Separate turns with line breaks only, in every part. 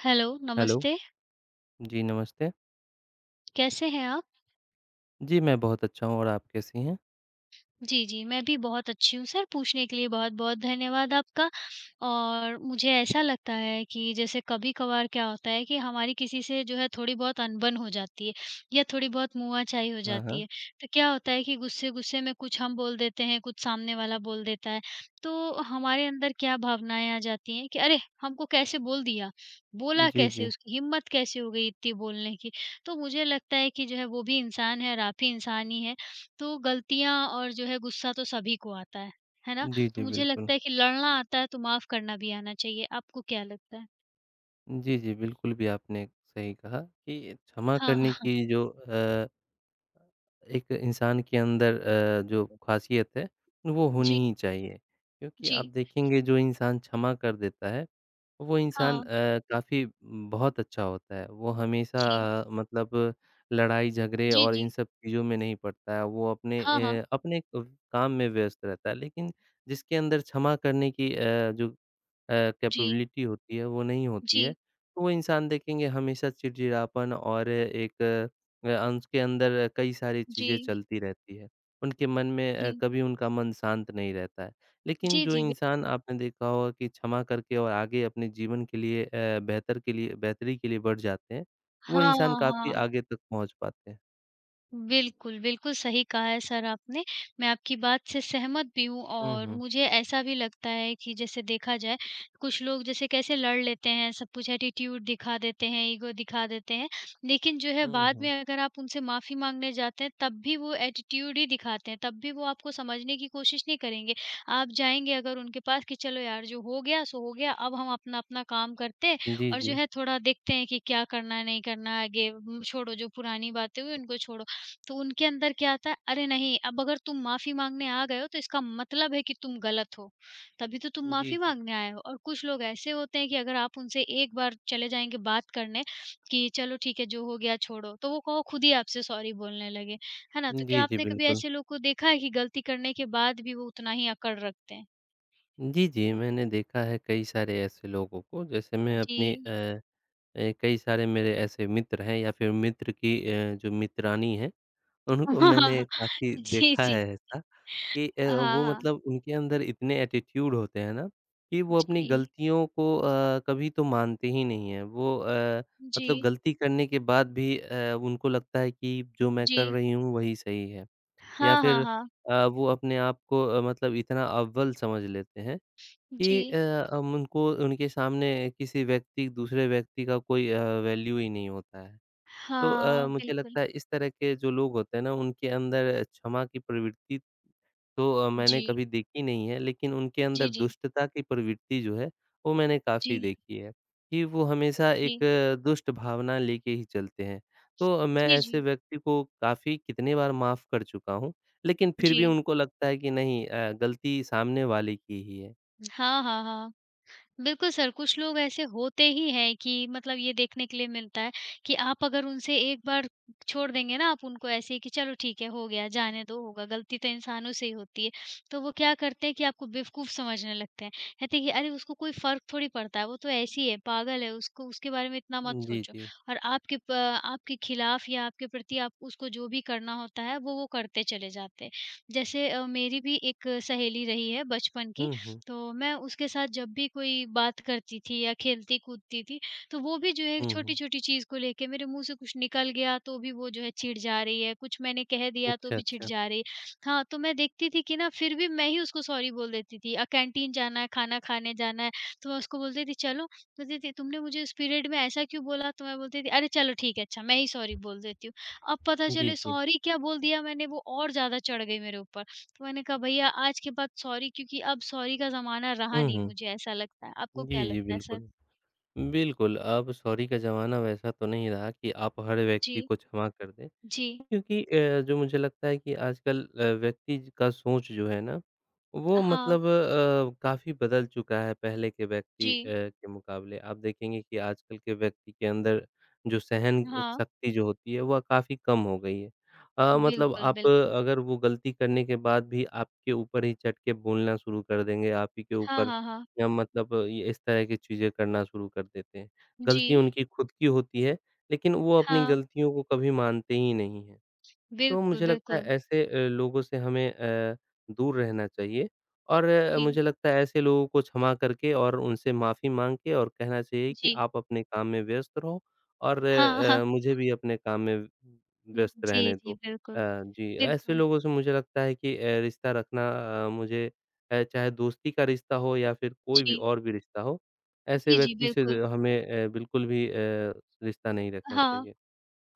Hello,
hello!
नमस्ते।
जी, नमस्ते।
कैसे हैं आप?
जी, मैं बहुत अच्छा हूँ और आप कैसी हैं?
जी, जी। मैं भी बहुत अच्छी हूँ, सर पूछने के लिए बहुत-बहुत धन्यवाद आपका और मुझे ऐसा लगता है कि, जैसे कभी-कभार क्या होता है कि हमारी किसी से जो है थोड़ी बहुत अनबन हो जाती है या थोड़ी बहुत मुआचाई हो
हाँ,
जाती
हाँ।
है, तो क्या होता है कि गुस्से-गुस्से में कुछ हम बोल देते हैं, कुछ सामने वाला बोल देता है, तो हमारे अंदर क्या भावनाएँ आ जाती हैं कि "अरे! हमको कैसे बोल दिया? बोला
जी,
कैसे?
जी।
उसकी हिम्मत कैसे हो गई इतनी बोलने की?" तो मुझे लगता है कि जो है, वो भी इंसान है और आप भी इंसान ही हैं, तो गलतियाँ और जो है गुस्सा तो सभी को आता है, है ना?
जी,
तो
जी।
मुझे
बिल्कुल।
लगता है कि लड़ना आता है तो माफ़ करना भी आना चाहिए, आपको क्या लगता है?
जी, जी। बिल्कुल भी आपने सही कहा कि क्षमा
हाँ,
करने
हाँ।
की जो अ एक इंसान के अंदर अ, जो ख़ासियत है, वो होनी
जी।
ही चाहिए क्योंकि आप
जी।
देखेंगे जो इंसान क्षमा कर देता है, वो इंसान
हाँ।
अ, काफ़ी बहुत अच्छा होता है, वो
जी।
हमेशा मतलब लड़ाई-झगड़े
जी,
और इन
जी।
सब चीज़ों में नहीं पड़ता है, वो अपने
हाँ, हाँ।
अ, अपने क काम में व्यस्त रहता है, लेकिन जिसके अंदर क्षमा करने की अ, जो अ,
जी।
कैपेबिलिटी होती है, वो नहीं होती है,
जी।
तो वो इंसान देखेंगे हमेशा चिड़-चिड़ापन और एक अ, उसके अंदर कई सारी चीज़ें
जी।
चलती रहती हैं, उनके मन में अ,
जी।
कभी उनका मन शांत नहीं रहता है, लेकिन
जी,
जो
जी। बि
इंसान आपने देखा होगा कि क्षमा करके और आगे अपने जीवन के लिए अ, बेहतर के लिए बेहतरी के लिए बढ़ जाते हैं, वो
हाँ,
इंसान काफ़ी
हाँ।
आगे तक पहुँच पाते हैं।
बिल्कुल, बिल्कुल सही कहा है सर आपने, मैं आपकी बात से सहमत भी हूँ।
हुँ,
और
हुँ।
मुझे ऐसा भी लगता है कि जैसे देखा जाए कुछ लोग जैसे कैसे लड़ लेते हैं, सब कुछ एटीट्यूड दिखा देते हैं, ईगो दिखा देते हैं, लेकिन जो है
हुँ,
बाद में
हुँ।
अगर आप उनसे माफ़ी माँगने जाते हैं तब भी वो एटीट्यूड ही दिखाते हैं, तब भी वो आपको समझने की कोशिश नहीं करेंगे। आप जाएँगे अगर उनके पास कि चलो यार जो हो गया सो हो गया अब हम अपना-अपना काम करते हैं
जी,
और जो
जी।
है थोड़ा देखते हैं कि क्या करना है, नहीं करना है, आगे छोड़ो जो पुरानी बातें हुई उनको छोड़ो। तो उनके अंदर क्या आता है अरे नहीं अब अगर तुम माफ़ी माँगने आ गए हो तो इसका मतलब है कि तुम ग़लत हो, तभी तो तुम
जी,
माफ़ी
जी।
माँगने आए हो। और कुछ लोग ऐसे होते हैं कि अगर आप उनसे एक बार चले जाएँगे बात करने कि चलो ठीक है जो हो गया छोड़ो, तो वो कोहो ख़ुद ही आपसे सॉरी बोलने लगे, है ना। तो
जी,
क्या
जी
आपने कभी
बिल्कुल।
ऐसे लोग को देखा है कि गलती करने के बाद भी वो उतना ही अकड़ रखते हैं?
जी, जी मैंने देखा है कई सारे ऐसे लोगों को। जैसे मैं अपनी
जी।
अ अ, कई सारे मेरे ऐसे मित्र हैं या फिर मित्र की अ, जो मित्रानी हैं, उनको मैंने काफ़ी
जी,
देखा
जी।
है ऐसा कि अ,
अ, हाँ,
वो
हाँ।
मतलब उनके अंदर इतने एटीट्यूड होते हैं ना कि वो अपनी
जी।
गलतियों को अ, कभी तो मानते ही नहीं हैं। वो अ, मतलब
जी।
गलती करने के बाद भी अ, उनको लगता है कि जो मैं कर
जी।
रही हूँ वही सही है। या
हाँ, हाँ,
फिर
हाँ।
अ, वो अपने आप को अ, मतलब इतना अव्वल समझ लेते हैं कि
जी।
अ, हम उनको उनके सामने किसी व्यक्ति, दूसरे व्यक्ति का कोई अ, वैल्यू ही नहीं होता है। तो अ,
हाँ,
मुझे
बिल्कुल।
लगता है इस तरह के जो लोग होते हैं ना उनके अंदर अ, क्षमा की प्रवृत्ति तो अ, मैंने
जी।
कभी देखी नहीं है, लेकिन उनके अंदर
जी, जी।
दुष्टता की प्रवृत्ति जो है वो मैंने काफ़ी
जी।
देखी है, कि वो हमेशा एक
जी।
दुष्ट भावना लेके ही चलते हैं। तो मैं
जी,
ऐसे
जी।
व्यक्ति को काफ़ी कितनी बार माफ़ कर चुका हूँ लेकिन फिर भी
जी।
उनको लगता है कि नहीं अ, गलती सामने वाले की ही है।
हाँ, हाँ, हाँ। बिल्कुल सर, कुछ लोग ऐसे होते ही हैं कि मतलब ये देखने के लिए मिलता है कि आप अगर उनसे एक बार छोड़ देंगे ना आप उनको ऐसे कि चलो ठीक है हो गया जाने दो होगा गलती तो इंसानों से ही होती है, तो वो क्या करते हैं कि आपको बेवकूफ़ समझने लगते हैं। कहते हैं कि अरे उसको कोई फ़र्क थोड़ी पड़ता है वो तो ऐसी है पागल है, उसको उसके बारे में इतना मत
जी,
सोचो।
जी।
और आपके प आपके खिलाफ़ या आपके प्रति आप उसको जो भी करना होता है वो वो करते चले जाते हैं। जैसे अ, मेरी भी एक सहेली रही है बचपन की,
हुँ, हुँ।
तो मैं उसके साथ जब भी कोई बात करती थी या खेलती-कूदती थी तो वो भी जो है
हुँ, हुँ।
छोटी-छोटी चीज़ को लेके मेरे मुँह से कुछ निकल गया तो भी वो जो है चिढ़ जा रही है कुछ मैंने कह दिया तो
अच्छा,
भी चिढ़
अच्छा।
जा रही है। हाँ, तो मैं देखती थी कि ना फिर भी मैं ही उसको सॉरी बोल देती थी। अ, कैंटीन जाना है, खाना खाने जाना है तो मैं उसको बोल थी चलो, बोलती थी तुमने मुझे उस पीरियड में ऐसा क्यों बोला तो मै बोलती थी अरे चलो ठीक है अच्छा मैं ही सॉरी बोल देती हूँ। अब पता
जी,
चले
जी।
सॉरी क्या बोल दिया मैंने वो और ज़्यादा चढ़ गई मेरे ऊपर। तो मैंने कहा भैया आज के बाद सॉरी क्योंकि अब सॉरी का ज़माना रहा
हुँ,
नहीं मुझे
हुँ।
ऐसा लगता है। आपको क्या
जी, जी,
लगता है
बिल्कुल।
सर?
बिल्कुल अब सॉरी का ज़माना वैसा तो नहीं रहा कि आप हर
जी।
व्यक्ति को क्षमा कर दें
जी।
क्योंकि अ, जो मुझे लगता है कि आजकल अ, व्यक्ति का सोच जो है ना वो
हाँ।
मतलब अ, काफ़ी बदल चुका है पहले के व्यक्ति अ,
जी।
के मुक़ाबले। आप देखेंगे कि आजकल के व्यक्ति के अंदर जो सहन
हाँ।
शक्ति जो होती है वह काफ़ी कम हो गई है अ, मतलब
बिल्कुल,
आप
बिल्कुल।
अगर वो गलती करने के बाद भी आपके ऊपर ही चढ़के बोलना शुरू कर देंगे आप ही के
हाँ,
ऊपर
हाँ, हाँ।
या मतलब इस तरह की चीज़ें करना शुरू कर देते हैं। गलती
जी।
उनकी ख़ुद की होती है लेकिन वो अपनी
हाँ।
गलतियों को कभी मानते ही नहीं है, तो
बिल्कुल,
मुझे लगता है
बिल्कुल।
ऐसे अ, लोगों से हमें अ, दूर रहना चाहिए और अ,
जी।
मुझे लगता है ऐसे लोगों को क्षमा करके और उनसे माफ़ी माँग के और कहना चाहिए कि
जी।
आप अपने काम में व्यस्त रहो और
हाँ, हाँ।
अ, मुझे भी अपने काम में व्यस्त
जी,
रहने दो
जी,
अ,
बिल्कुल।
जी। ऐसे
बिल्कुल।
लोगों से मुझे लगता है कि अ, रिश्ता रखना अ, मुझे अ, चाहे दोस्ती का रिश्ता हो या फिर कोई भी
जी।
और भी रिश्ता हो। ऐसे
जी, जी,
व्यक्ति से
बिल्कुल।
हमें अ, बिल्कुल भी अ, रिश्ता नहीं रखना
हाँ।
चाहिए।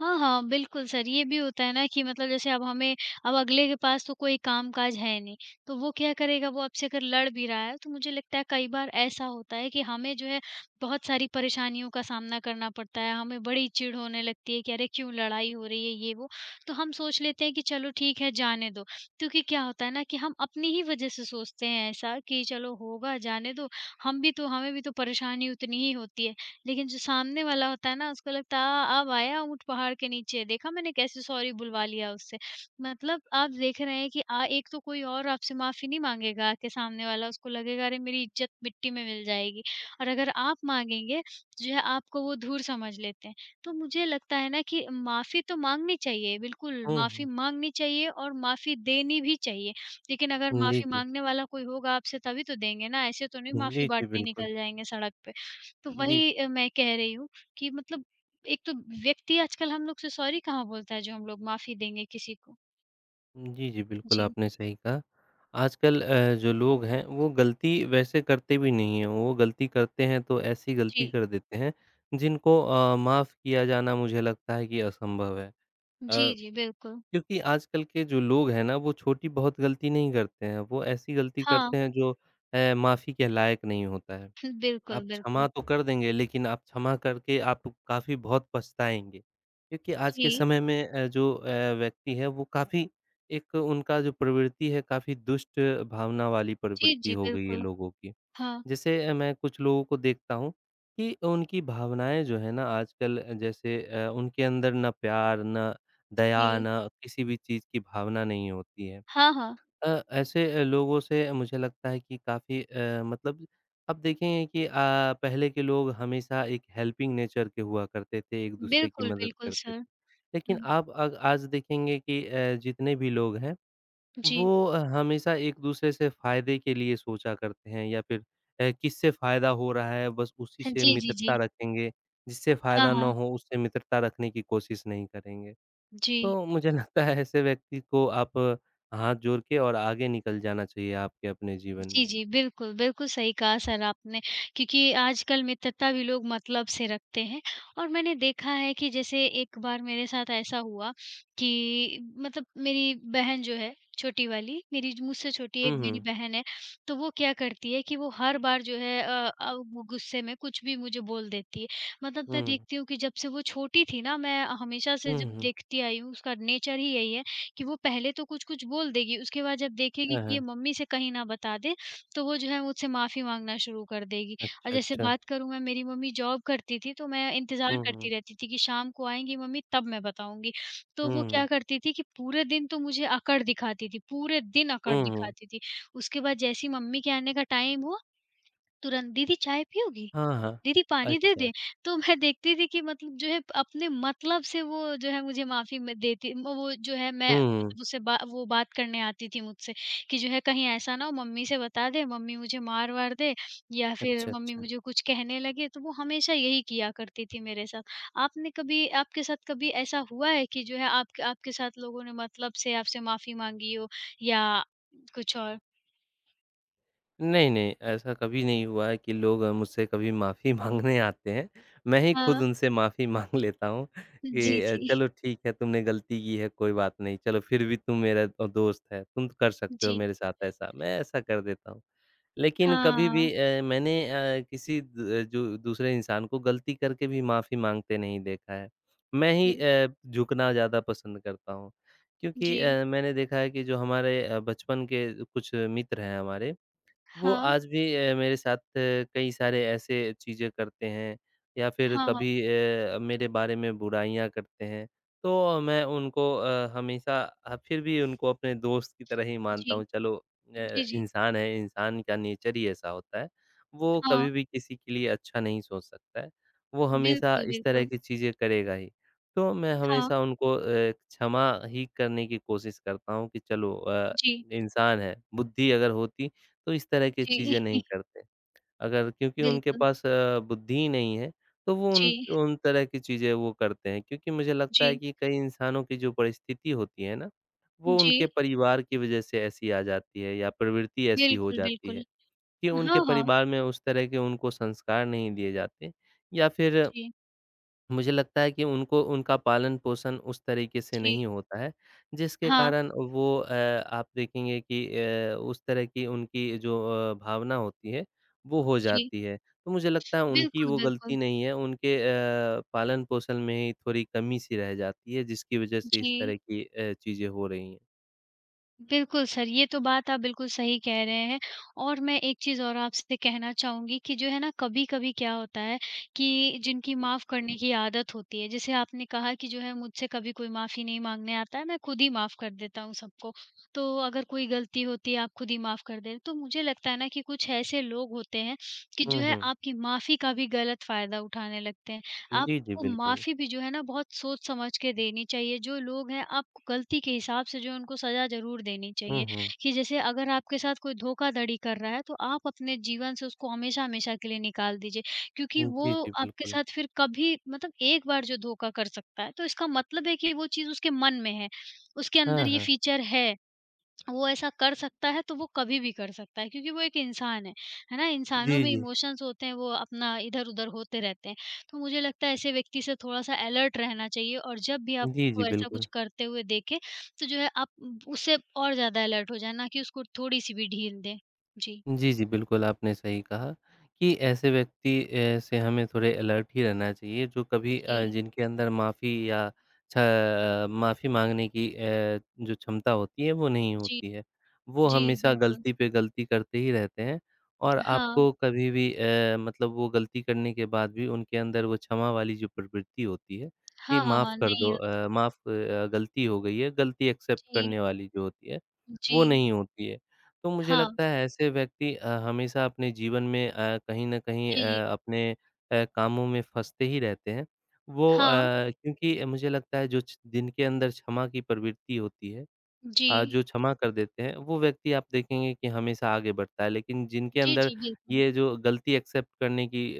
हाँ, हाँ, बिल्कुल सर। ये भी होता है ना कि मतलब जैसे अब हमें अब अगले के पास तो कोई काम-काज है नहीं तो वो क्या करेगा वो आपसे अगर लड़ भी रहा है तो मुझे लगता है कई बार ऐसा होता है कि हमें जो है बहुत सारी परेशानियों का सामना करना पड़ता है, हमें बड़ी चिढ़ होने लगती है कि अरे क्यों लड़ाई हो रही है ये वो तो हम सोच लेते हैं कि चलो ठीक है जाने दो। क्योंकि क्या होता है ना कि हम अपनी ही वजह से सोचते हैं ऐसा कि चलो होगा जाने दो हम भी तो हमें भी तो परेशानी उतनी ही होती है। लेकिन जो सामने वाला होता है ना उसको लगता है अ, अब आया ऊँट पहाड़ के नीचे। देखा मैंने कैसे सॉरी बुलवा लिया उससे। मतलब आप देख रहे हैं कि अ, एक तो कोई और आपसे माफ़ी नहीं माँगेगा कि सामने वाला उसको लगेगा अरे मेरी इज़्ज़त मिट्टी में मिल जाएगी। और अगर आप माँगेंगे तो जो है आपको वो धूर समझ लेते हैं। तो मुझे लगता है ना कि माफ़ी तो माँगनी चाहिए बिल्कुल
हुँ,
माफ़ी
हुँ।
माँगनी चाहिए और माफ़ी देनी भी चाहिए। लेकिन अगर
हुँ, जी,
माफ़ी
जी।
माँगने वाला कोई होगा आपसे तभी तो देंगे ना ऐसे तो उन्हें माफ़ी
जी, जी,
बाँटने
बिल्कुल।
निकल जाएँगे सड़क पे। तो
जी।
वही अ, मैं कह रही हूँ कि मतलब एक तो व्यक्ति आजकल हम लोग से सॉरी कहाँ बोलता है जो हम लोग माफ़ी देंगे किसी को।
जी, जी। बिल्कुल,
जी।
आपने सही कहा आजकल अ, जो लोग हैं, वो गलती वैसे करते भी नहीं हैं, वो गलती करते हैं तो ऐसी गलती
जी।
कर देते हैं जिनको अ, माफ़ किया जाना मुझे लगता है कि असंभव है। अ,
जी, जी। बिल्कुल।
क्योंकि आजकल के जो लोग हैं ना वो छोटी बहुत गलती नहीं करते हैं, वो ऐसी गलती
हाँ।
करते हैं जो अ, माफ़ी के लायक नहीं होता है, आप
बिल्कुल,
क्षमा
बिल्कुल।
तो कर देंगे, लेकिन आप क्षमा करके आप काफ़ी बहुत पछताएँगे क्योंकि आज के
जी।
समय में अ, जो अ, व्यक्ति हैं वो काफ़ी एक उनका जो प्रवृत्ति है, काफ़ी दुष्ट भावना वाली
जी,
प्रवृत्ति
जी।
हो गई है
बिल्कुल।
लोगों की,
हाँ।
जैसे अ, मैं कुछ लोगों को देखता हूँ कि उनकी भावनाएँ जो हैं ना आजकल जैसे अ, उनके अंदर ना प्यार, ना दया,
जी।
ना किसी भी चीज़ की भावना नहीं होती है।
हाँ, हाँ।
अ, ऐसे लोगों से मुझे लगता है कि काफ़ी अ, मतलब अब देखेंगे कि अ, पहले के लोग हमेशा एक हेल्पिंग नेचर के हुआ करते थे, एक-दूसरे की
बिल्कुल,
मदद
बिल्कुल
करते थे,
सर।
लेकिन
हुँ।
आप अग आज देखेंगे कि अ, जितने भी लोग हैं,
जी।
वो अ, हमेशा एक-दूसरे से फ़ायदे के लिए सोचा करते हैं या फिर अ, किससे फ़ायदा हो रहा है बस उसी
ह
से
जी, जी, जी।
मित्रता रखेंगे, जिससे
हाँ,
फ़ायदा ना
हाँ।
हो उससे मित्रता रखने की कोशिश नहीं करेंगे,
जी।
तो मुझे लगता है ऐसे व्यक्ति को आप हाथ जोड़ के और आगे निकल जाना चाहिए, आपके अपने जीवन
जी,
में।
जी। बिल्कुल। बिल्कुल, सही कहा सर आपने क्योंकि आजकल मित्रता भी लोग मतलब से रखते हैं और मैंने देखा है, कि जैसे एक बार मेरे साथ ऐसा हुआ कि मतलब मेरी बहन जो है, छोटी वाली, मेरी जू मुझसे छोटी मेरी एक
हुँ,
मेरी
हुँ।
बहन है, तो वो क्या करती है कि वो हर बार जो है अ अ, गुस्से में कुछ भी मुझे बोल देती है, मतलब मैं
हुँ।
देखती हूँ कि जब से वो छोटी थी ना, मैं हमेशा से जब
हुँ, हुँ।
देखती आई हूँ, उसका नेचर ही यही है, कि वो पहले तो कुछ-कुछ बोल देगी, उसके बाद जब देखेगी
हाँ,
कि ये
हाँ।
मम्मी से कहीं ना बता दे, तो वो जो है मुझसे माफ़ी माँगना शुरू कर देगी और
अच्छा,
जैसे
अच्छा।
बात करूँ मैं, मेरी मम्मी जॉब करती थी, तो मैं इंतज़ार
हुँ, हुँ।
करती रहती थी कि शाम को आएँगी मम्मी तब मैं बताऊँगी, तो
हुँ,
वो
हुँ।
क्या करती थीं कि पूरे दिन तो मुझे अकड़ दिखाती थी, पूरे दिन अकड़
हुँ, हुँ।
दिखाती थी, उसके बाद जैसे ही मम्मी के आने का टाइम हुआ, तुरंत, "दीदी चाय पीओगी,
हाँ, हाँ।
दीदी पानी दे
अच्छा।
दें?" तो मैं देखती थी कि मतलब जो है अपने मतलब से वो जो है मुझे माफ़ी म देती वो वो जो है मैं
हुँ, हुँ।
उसे बा वो बात करने आती थी मुझसे कि जो है कहीं ऐसा ना हो मम्मी से बता दे, मम्मी मुझे मार-वार दे या फिर
अच्छा,
मम्मी
अच्छा।
मुझे कुछ कहने लगें, तो वो हमेशा यही किया करती थी मेरे साथ, आपने कभी आपके साथ कभी ऐसा हुआ है कि जो है आपक आपके साथ लोगों ने मतलब से आपसे माफ़ी माँगी हो या कुछ और?
नहीं-नहीं, ऐसा कभी नहीं हुआ कि लोग अ, मुझसे कभी माफ़ी माँगने आते हैं, मैं ही खुद
हाँ।
उनसे माफ़ी माँग लेता हूँ
हुँ, जी,
कि, "अ,
जी।
चलो ठीक है, तुमने गलती की है कोई बात नहीं, चलो फिर भी तुम मेरा अ, दोस्त है, तुम तो कर सकते हो
जी।
मेरे साथ ऐसा।" मैं ऐसा कर देता हूँ। लेकिन कभी भी
हाँ।
अ, मैंने अ, किसी द जो दूसरे इंसान को गलती करके भी माफ़ी माँगते नहीं देखा है, मैं ही
जी।
अ, झुकना ज़्यादा पसंद करता हूँ, क्योंकि
जी।
अ, मैंने देखा है कि जो हमारे अ, बचपन के कुछ मित्र हैं हमारे, वो
हाँ।
आज भी अ, मेरे साथ कई सारे ऐसे चीज़ें करते हैं, या फिर
हाँ, हाँ।
कभी अ, मेरे बारे में बुराइयाँ करते हैं, तो मैं उनको अ, हमेशा अ, फिर भी उनको अपने दोस्त की तरह ही मानता
जी।
हूँ चलो अ,
जी, जी।
इंसान है, इंसान का नेचर ही ऐसा होता है, वो
हाँ।
कभी भी किसी के लिए अच्छा नहीं सोच सकता है, वो हमेशा
बिल्कुल,
इस तरह
बिल्कुल।
की चीज़ें करेगा ही। तो मैं
हाँ।
हमेशा उनको अ, क्षमा ही करने की कोशिश करता हूँ कि चलो अ,
जी।
इंसान है, बुद्धि अगर होती तो इस तरह की
जी।
चीज़ें नहीं करते। अगर क्योंकि उनके
बिल्कुल।
पास अ, बुद्धि नहीं है, तो वो उन
जी।
उन तरह की चीज़ें वो करते हैं क्योंकि मुझे लगता है
जी।
कि कई इंसानों की जो परिस्थिति होती है ना,
हुँ,
वो उनके
जी।
परिवार की वज़ह से ऐसी आ जाती है या प्रवृत्ति ऐसी हो
बिल्कुल,
जाती
बिल्कुल।
है, कि
अ,
उनके
हाँ, हाँ।
परिवार में उस तरह के उनको संस्कार नहीं दिए जाते, या फिर
जी।
मुझे लगता है कि उनको उनका पालन-पोषण उस तरीके से
जी।
नहीं होता है। जिसके
हाँ।
कारण वो अ, आप देखेंगे कि अ, उस तरह की उनकी जो अ, भावना होती है वो हो
जी।
जाती है। तो मुझे लगता है उनकी
बिल्कुल,
वो गलती
बिल्कुल।
नहीं है उनके अ, पालन-पोषण में ही थोड़ी कमी सी रह जाती है जिसकी वज़ह से इस
जी।
तरह की अ, चीज़ें हो रही हैं।
बिल्कुल सर, ये तो बात आप बिल्कुल सही कह रहे हैं और मैं एक चीज़ और आपसे कहना चाहूँगी कि जो है ना कभी-कभी क्या होता है, कि जिनकी माफ़ करने की आदत होती है जैसे आपने कहा कि जो है मुझसे कभी कोई माफ़ी नहीं माँगने आता है मैं खुद ही माफ़ कर देता हूँ सबको। तो अगर कोई गलती होती है आप खुद ही माफ़ कर देते हैं तो मुझे लगता है ना कि कुछ ऐसे लोग होते हैं, कि
हुँ,
जो है
हुँ।
आपकी माफ़ी का भी गलत फ़ायदा उठाने लगते हैं।
जी, जी
आपको
बिल्कुल।
माफ़ी भी जो है ना बहुत सोच-समझ के देनी चाहिए जो लोग हैं आप गलती के हिसाब से जो है उनको सज़ा ज़रूर देनी
हुँ,
चाहिए,
हुँ।
कि जैसे अगर आपके साथ कोई धोखाधड़ी कर रहा है तो आप अपने जीवन से उसको हमेशा-हमेशा के लिए निकाल दीजिए, क्योंकि
हुँ,
वो
जी, जी,
आपके
बिल्कुल।
साथ फिर कभी मतलब एक बार जो धोखा कर सकता है तो इसका मतलब है कि वो चीज़ उसके मन में है, उसके
हाँ,
अंदर ये
हाँ।
फीचर है, वो ऐसा कर सकता है तो वो कभी भी कर सकता है क्योंकि वो एक इंसान है, है ना? इंसानों
जी,
में
जी।
इमोशंस होते हैं वो अपना इधर-उधर होते रहते हैं। तो मुझे लगता है ऐसे व्यक्ति से थोड़ा-सा अलर्ट रहना चाहिए और जब भी आप
जी, जी,
उसको ऐसा
बिल्कुल।
कुछ करते हुए देखें, तो जो है आप उ उसे और ज़्यादा अलर्ट हो जाएँ ना कि उसको थोड़ी-सी भी ढील दें। जी।
जी, जी, बिल्कुल आपने सही कहा। कि ऐसे व्यक्ति अ, से हमें थोड़े अलर्ट ही रहना चाहिए जो कभी अ,
जी।
जिनके अंदर माफ़ी या अच्छा अ, माफ़ी माँगने की अ, जो क्षमता होती है वो नहीं
जी।
होती है। वो
जी,
हमेशा
बिल्कुल।
गलती पे गलती करते ही रहते हैं और
हाँ।
आपको कभी भी अ, मतलब वो गलती करने के बाद भी उनके अंदर वो क्षमा वाली जो प्रवृत्ति होती है, कि
हाँ, हाँ,
माफ़
हाँ,
कर दो
नहीं होती।
अ, माफ़ अ, गलती हो गई है गलती एक्सेप्ट
जी।
करने वाली जो होती है, वो
जी।
नहीं होती है। तो मुझे
हाँ।
लगता है ऐसे व्यक्ति अ, हमेशा अपने जीवन में अ, कहीं न कहीं
जी।
अ, अपने अ, कामों में फँसते ही रहते हैं। वो अ,
हाँ।
क्योंकि मुझे लगता है जो जिनके अंदर क्षमा की प्रवृत्ति होती है अ,
जी।
जो क्षमा कर देते हैं, वो व्यक्ति आप देखेंगे कि हमेशा आगे बढ़ता है, लेकिन जिनके
जी,
अंदर
जी, बिल्कुल।
ये जो गलती एक्सेप्ट करने की अ,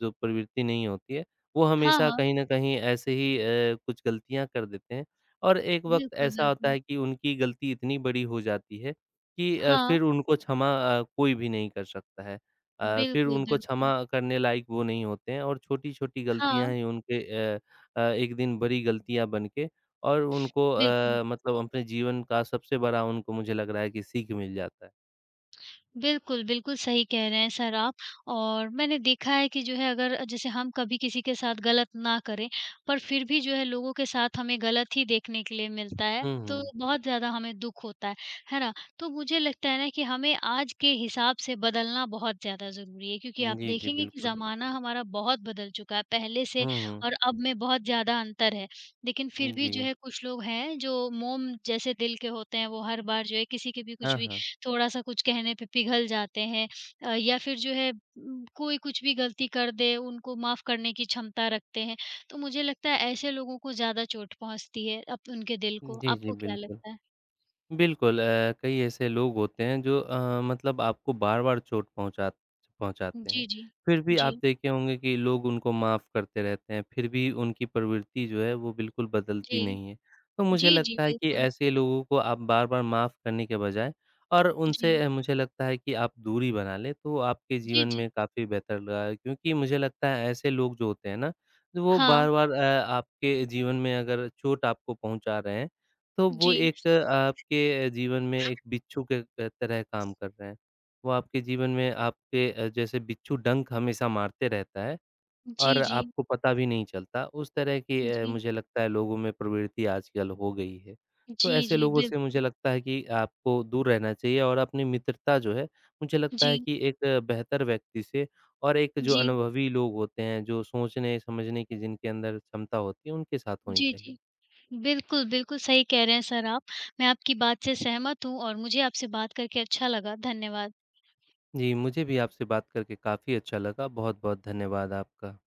जो प्रवृत्ति नहीं होती है, वो
हाँ,
हमेशा
हाँ।
कहीं न कहीं ऐसे ही अ, कुछ गलतियाँ कर देते हैं। और एक वक़्त
बिल्कुल,
ऐसा होता
बिल्कुल।
है कि उनकी गलती इतनी बड़ी हो जाती है कि अ,
हाँ।
फिर उनको क्षमा अ, कोई भी नहीं कर सकता है। अ, फिर
बिल्कुल,
उनको क्षमा
बिल्कुल।
करने लायक वो नहीं होते हैं और छोटी-छोटी गलतियाँ
हाँ।
ही उनके अ अ, एक दिन बड़ी गलतियाँ बन के और उनको
बिल्कुल।
अ, मतलब अपने जीवन का सबसे बड़ा उनको मुझे लग रहा है कि सीख मिल जाता है।
बिल्कुल, बिल्कुल सही कह रहे हैं सर आप और मैंने देखा है कि जो है, अगर जैसे हम कभी किसी के साथ गलत ना करें, पर फिर भी जो है लोगों के साथ हमें गलत ही देखने के लिए मिलता है,
हुँ,
तो
हुँ।
बहुत ज़्यादा हमें दुःख होता है, है ना? तो मुझे लगता है ना कि हमें आज के हिसाब से बदलना बहुत ज़्यादा ज़रूरी है, क्योंकि
हुँ,
आप
जी, जी,
देखेंगे कि
बिल्कुल।
ज़माना हमारा बहुत बदल चुका है पहले से
हुँ, हुँ।
और अब में बहुत ज़्यादा अंतर है। लेकिन फिर
हुँ,
भी जो
जी।
है कुछ लोग हैं जो मोम जैसे दिल के होते हैं, वो हर बार जो है किसी के भी
हाँ,
कुछ भी
हाँ।
थोड़ा-सा कुछ कहने पे पिघल जाते हैं अ, या फिर जो है उ कोई कुछ भी गलती कर दे उनको माफ़ करने की क्षमता रखते हैं, तो मुझे लगता है ऐसे लोगों को ज़्यादा चोट पहुँचती है अप उनके दिल
हुँ,
को
जी, जी,
आपको क्या
बिल्कुल।
लगता है?
बिल्कुल अ, कई ऐसे लोग होते हैं जो अ, मतलब आपको बार-बार चोट पहुँचा पहुँचाते हैं,
जी, जी।
फिर भी
जी।
आप देखे होंगे कि लोग उनको माफ़ करते रहते हैं, फिर भी उनकी प्रवृत्ति जो है वो बिल्कुल बदलती
जी।
नहीं है, तो मुझे
जी, जी,
लगता है कि
बिल्कुल।
ऐसे लोगों को आप बार-बार माफ़ करने के बजाय और
जी।
उनसे मुझे लगता है कि आप दूरी बना लें तो आपके
जी,
जीवन
जी।
में काफ़ी बेहतर रहा है क्योंकि मुझे लगता है ऐसे लोग जो होते हैं ना, वो
हाँ।
बार-बार अ, आपके जीवन में अगर चोट आपको पहुँचा रहे हैं, तो वो
जी।
एक आपके जीवन में एक बिच्छू के त तरह काम कर रहे हैं, वो आपके जीवन में आपके अ, जैसे बिच्छू डंक हमेशा मारते रहता है
जी,
और
जी।
आपको पता भी नहीं चलता, उस तरह की अ,
जी।
मुझे लगता है लोगों में प्रवृत्ति आजकल हो गई है। तो
जी,
ऐसे
जी,
लोगों से मुझे
बिल्कुल।
लगता है कि आपको दूर रहना चाहिए और अपनी मित्रता जो है, मुझे लगता है
जी।
कि एक बेहतर व्यक्ति से और एक जो
जी।
अनुभवी लोग होते हैं जो सोचने-समझने की जिनके अंदर क्षमता होती है उनके साथ होनी
जी,
चाहिए।
जी। बिल्कुल, बिल्कुल सही कह रहे हैं सर आप, मैं आपकी बात से सहमत हूँ और मुझे आपसे बात करके अच्छा लगा। धन्यवाद।
जी, मुझे भी आपसे बात करके काफ़ी अच्छा लगा, बहुत-बहुत धन्यवाद आपका।